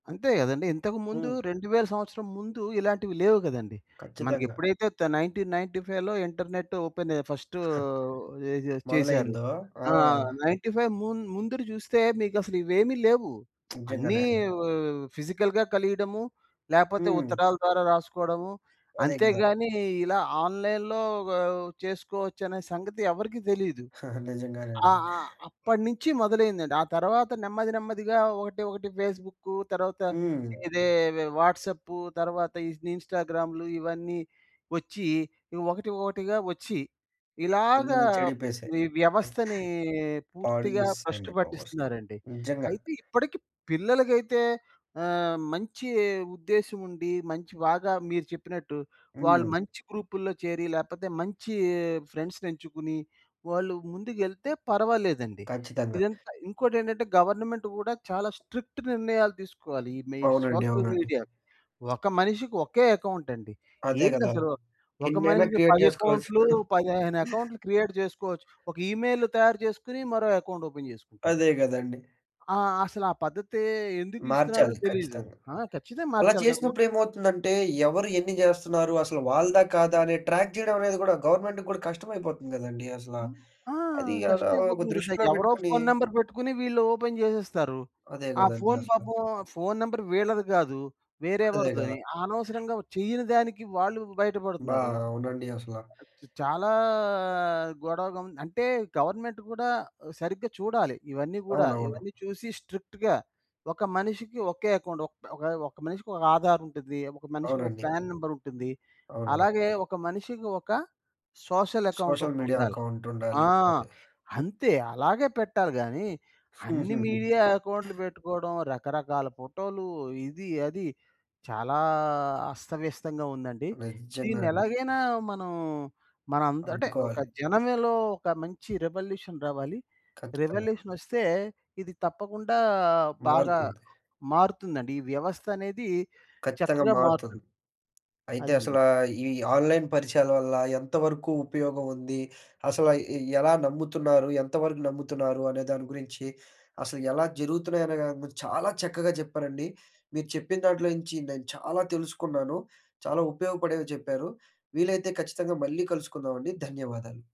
అంతే గదండీ. ఇంతకు ముందు హ్మ్. 2000 సంవత్సరం ముందు ఇలాంటివి లేవు గదండీ. ఖచ్చితంగా. మనకెప్పుడైతే తే 1995లో ఇంటర్నెట్టు ఓపెనె ఫస్టు ఏజె చేశారు. మొదలైందో ఆ! ఆహ్, 95 మున్ ముందుర జూస్తే మీకసలు ఇవేమి లేవు. అన్నీ నిజంగానే అండి. వ వ ఫిజికల్‌గా కలియడము. లేపోతే హ్మ్. ఉత్తరాల ద్వారా రాసుకోడము. అదే గదా! అంతేగానీ, ఇలా ఆన్‌లైన్‌లో గ చేసుకోవచ్చనే సంగతి ఎవ్వరికీ దెలీదు. నిజంగానే అండి. ఆహ్, ఆహ్, అప్పటినుంచి మొదలైందండి. ఆ తర్వాత నెమ్మది నెమ్మదిగా ఒకటి ఒకటి ఫేస్‌బుక్కు. తర్వాత హ్మ్. ఇదే వె వాట్సాపు. తర్వాత ఇన్ ఇన్‌స్టా‌గ్రామ్‌లు ఇవన్నీ ఒచ్చి, ఈ ఒకటి, ఒకటిగా వచ్చి ఇలాగ అందరిని చెడిపేశాయి. ఈ వ్యవస్థని పాడు పూర్తిగా బష్టు చేసేశాయండి బాబు అసలా. పట్టిస్తున్నారండి. నిజ్జంగా. అయితే ఇప్పటికి పిల్లలకైతే ఆహ్, మంచి ఉద్దేశం ఉండి, మంచి బాగా మీరు చెప్పినట్టు వాళ్ళు హ్మ్. మంచి గ్రూపుల్లో చేరి, లేపోతే మంచి ఫ్రెండ్స్‌నెంచుకొని, వాళ్ళు ముందుకెళ్తే పర్వాలేదండి. ఖచ్చితంగా. ఇదంతా ఇంకోటేంటంటే గవర్నమెంట్ కూడా చాలా స్ట్రిక్ట్ నిర్ణయాలు తీసుకోవాలి ఈ మీ అవునండి, సోషల్ అవునండి. మీడియా. ఒక మనిషికి ఒకే అకౌంటండి. అదే గదా! ఏందసలు? ఒక ఎన్నైనా మనిషికి క్రియేట్ 10 జేసుకోవచ్చు. అకౌంట్‌లు, 15 అకౌంట్‌లు క్రియేట్ జేసుకోవచ్చు. ఒక ఇమెయిల్ తయారు జేసుకొని మరో అకౌంట్ ఓపెన్ జేసుకుంటాడు. అదే గదండీ! ఆ! అసలా పద్ధతే ఎందుకిస్తున్నారో మార్చాలి తెలీదు. ఖచ్చితంగా. ఆ! ఖచ్చితంగా అలా మార్చాలి గదా! చేసినప్పుడు ఒకక ఏమవుతుందంటే ఎవరు ఎన్ని జేస్తన్నారు? అసలు వాళ్ళదా? కాదా? అనే ట్రాక్ జేయడం అనేది గూడా గవర్నమెంట్‌ గూడా కష్టమైపోతుంది గదండీ అసలా. హ్మ్. ఆ! అది అలా కష్టం ఒక అయిపోతుంది గదా! దృష్టిలో ఎవరో బెట్టుకొని ఫోన్ నంబర్ బెట్టుకొని వీళ్ళు ఓపెన్ జేసేస్తారు. అదే ఆ గదండీ ఫోన్ అసలా. పాపం ఫోన్ నంబర్ వీళ్ళది గాదు. వేరే అదే గదా! ఎవరిదోని. అనవసరంగా చెయ్యని దానికి వాళ్ళు అబ్బా! బయటపడుతున్నారు. అవునండి అసలా. చాలా గొడవగం అంటే గవర్నమెంట్ గూడా సరిగ్గా చూడాలి ఇవన్నీ గూడా. అవునవును. ఇవన్నీ చూసి స్ట్రిక్ట్‌గా ఒక మనిషికి ఒకే అకౌంట్. ఒకే ఒక మనిషికొక ఆధార్ ఉండిద్ధి. ఒక మనిషికొక అవునండి. ప్యాన్ నంబర్ ఉంటుంది. అవునండి. అలాగే ఒక మనిషికి ఒక సోషల్ అకౌంట్ సోషల్ మీడియా ఒకటుండాలి. అకౌంటుండాలి. ఆ! ఓకే. అంతే. అలాగే పెట్టాలి గాని అన్ని మీడియా అకౌంట్‌లు పెట్టుకోవడం, రకరకాల ఫోటో‌లు ఇది అది చాలా అస్తవ్యస్తంగా ఉందండి. నిజ్జంగా అండి. దీన్నెలగయినా మనం మనంద అంటే ఒక అడ్డుకోవాలి. జనంలో ఒక మంచి రివల్యూషన్ రావాలి. ఖచ్చితంగా. రివల్యూషనొస్తే ఇది తప్పకుండా బాగా మారుతుంది. మారుతుందండి. ఈ వ్యవస్థనేది ఖచ్చితంగా చక్కగా మారుతుంది. మారుతుంది. అయితే, అదండి. అసలా ఈ ఆన్‌లైన్ పరిచయాల వల్ల ఎంతవరకు ఉపయోగం ఉంది? అసలా ఎ ఎ ఎలా నమ్ముతున్నారు, ఎంతవరకు నమ్ముతున్నారు, అనే దాని గురించి, అసలు ఎలా జరుగుతున్నయన్న దాని గురించి చాలా చక్కగా చెప్పారండి. మీరు చెప్పిన దాంట్లోంచి నేను చాలా తెలుసుకున్నాను. చాలా ఉపయోగపడేవి చెప్పారు. వీలైతే ఖచ్చితంగా మళ్ళీ కలుసుకుందామండి. ధన్యవాదాలు.